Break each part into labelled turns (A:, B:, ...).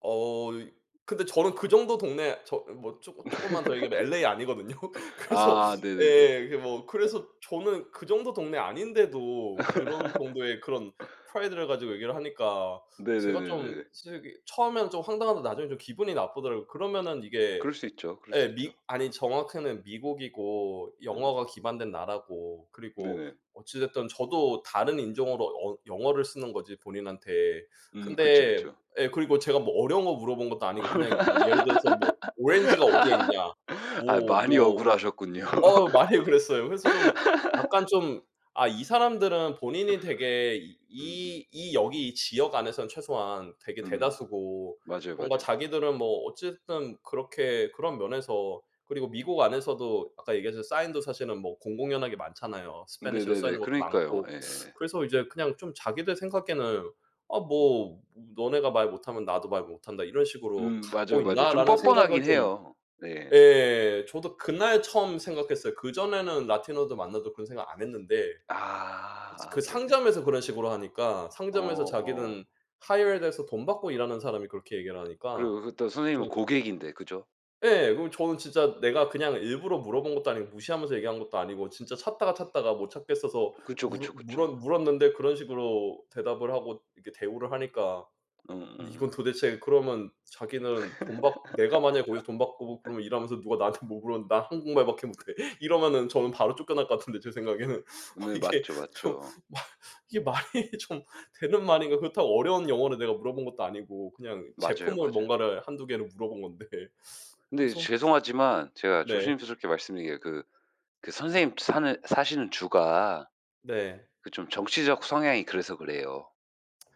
A: 어 이 근데 저는 그 정도 동네 저 뭐 쪼끔 쪼끔만 더 얘기하면 LA 아니거든요. 그래서
B: 아. 네네네.
A: 예. 이게 뭐 그래서 저는 그 정도 동네 아닌데도 그런 정도의 그런 프라이드를 가지고 얘기를 하니까. 제가 좀
B: 네네네네네.
A: 솔직히 처음에는 좀 황당하다 나중에는 좀 기분이 나쁘더라고. 그러면은 이게
B: 그럴 수 있죠, 그럴 수
A: 예,
B: 있죠.
A: 미 아니 정확히는 미국이고
B: 음음.
A: 영어가 기반된 나라고 그리고
B: 네네.
A: 어찌됐든 저도 다른 인종으로 언 영어를 쓰는 거지 본인한테.
B: 음. 그쵸,
A: 근데
B: 그쵸.
A: 예. 그리고 제가 뭐 어려운 거 물어본 것도 아니고 그냥 뭐 예를 들어서 뭐 "오렌지가 어디에 있냐?"
B: 아.
A: 뭐
B: 많이
A: 뭐
B: 억울 하셨군요.
A: 어. 많이 억울했어요. 그래서 좀 약간 좀 아 이 사람들은 본인이 되게
B: 음음.
A: 이 이 여기 이 지역 안에서는 최소한 되게
B: 음.
A: 대다수고
B: 맞아요,
A: 뭔가
B: 맞아요.
A: 자기들은 뭐 어찌 됐든 그렇게 그런 면에서 그리고 미국 안에서도 아까 얘기하신 사인도 사실은 뭐 공공연하게 많잖아요. 스페니시로 써
B: 네네네.
A: 있는 것도
B: 그러니까요.
A: 많고.
B: 예예.
A: 그래서 이제 그냥 좀 자기들 생각에는 아 뭐 ''너네가 말 못하면 나도 말 못한다.' 이런 식으로
B: 음.
A: 갖고
B: 맞아요, 맞아요. 좀
A: 있나?'라는 생각을
B: 뻔뻔하긴
A: 좀
B: 해요. 네.
A: 예. 저도 그날 처음 생각했어요. 그전에는 라티노들 만나도 그런 생각 안했는데.
B: 아.
A: 이제 그
B: 아 네네.
A: 상점에서 그런 식으로 하니까
B: 어.
A: 상점에서
B: 어.
A: 자기는 hired 돼서 돈 받고 일하는 사람이 그렇게 얘기를 하니까
B: 그리고 그것도 선생님은
A: 좀
B: 고객인데, 그죠?
A: 예. 그럼 저는 진짜 내가 그냥 일부러 물어본 것도 아니고 무시하면서 얘기한 것도 아니고 진짜 찾다가 찾다가 못 찾겠어서
B: 그쵸,
A: 물어
B: 그쵸,
A: 물어
B: 그쵸.
A: 물었는데 그런 식으로 대답을 하고 이렇게 대우를 하니까.
B: 응.
A: 근데 이건
B: 응응.
A: 도대체 그러면 자기는 돈 받고 내가 만약 거기서 돈 받고 그러면 일하면서 누가 나한테 뭐 물어봤는데 "난 한국말밖에 못해." 이러면 저는 바로 쫓겨날 것 같은데 제 생각에는. 어
B: 네.
A: '이게
B: 맞죠,
A: 좀
B: 맞죠.
A: 말 이게 말이 좀 되는 말인가.' 그렇다고 어려운 영어를 내가 물어본 것도 아니고 그냥
B: 맞아요,
A: 제품을
B: 맞아요.
A: 뭔가를 1-2 개를 물어본 건데.
B: 근데 이제
A: 그래서
B: 죄송하지만 제가
A: 네.
B: 조심스럽게 말씀드리는 게 그 그 선생님 사는 사시는 주가
A: 네.
B: 그 좀 정치적 성향이 그래서 그래요.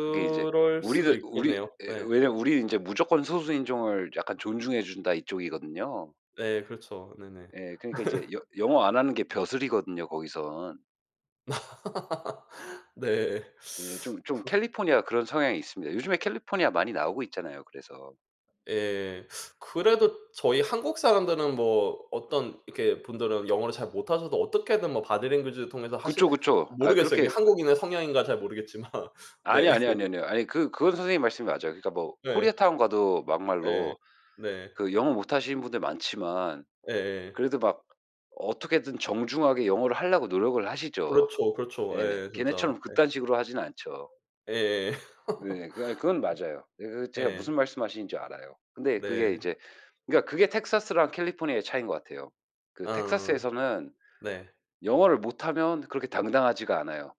B: 그게 이제
A: 수도
B: 우리는 우리
A: 있겠네요.
B: 예.
A: 네.
B: 왜냐하면 우리는 인제 "무조건 소수 인종을 약간 존중해 준다." 이쪽이거든요.
A: 네. 그렇죠. 네네.
B: 예. 그러니까 이제 여 영어 안 하는 게 벼슬이거든요, 거기선.
A: 네.
B: 예. 좀 좀
A: 그
B: 캘리포니아 그런 성향이 있습니다. 요즘에 캘리포니아 많이 나오고 있잖아요 그래서.
A: 예. 그래도 저희 한국 사람들은 뭐 어떤 이렇게 분들은 영어를 잘 못하셔도 어떻게든 뭐 보디랭귀지 바디랭귀지를 통해서 하실
B: 그쵸, 그쵸. 아
A: 모르겠어요. 이게
B: 그렇게 아
A: 한국인의 성향인가 잘 모르겠지만.
B: 아니,
A: 네.
B: 아니, 아니요, 아뇨. 아니 그 그건 선생님 말씀이 맞아요. 그러니까 뭐
A: 네.
B: 코리아타운 가도
A: 예.
B: 막말로
A: 네.
B: 그 영어 못하시는 분들이 많지만
A: 예예.
B: 그래도 막 어떻게든 정중하게 영어를 하려고 노력을 하시죠.
A: 그렇죠, 그렇죠.
B: 예.
A: 예. 진짜.
B: 걔네처럼
A: 예.
B: 그딴 식으로 하지는 않죠.
A: 예예.
B: 네. 그 아 그건 맞아요. 그 그거 제가 무슨
A: 예.
B: 말씀 하시는지 알아요. 근데 그게
A: 네.
B: 이제 그러니까 그게 텍사스랑 캘리포니아의 차이인 것 같아요. 그
A: 아.
B: 텍사스에서는
A: 네.
B: 영어를 못하면 그렇게 당당하지가 않아요.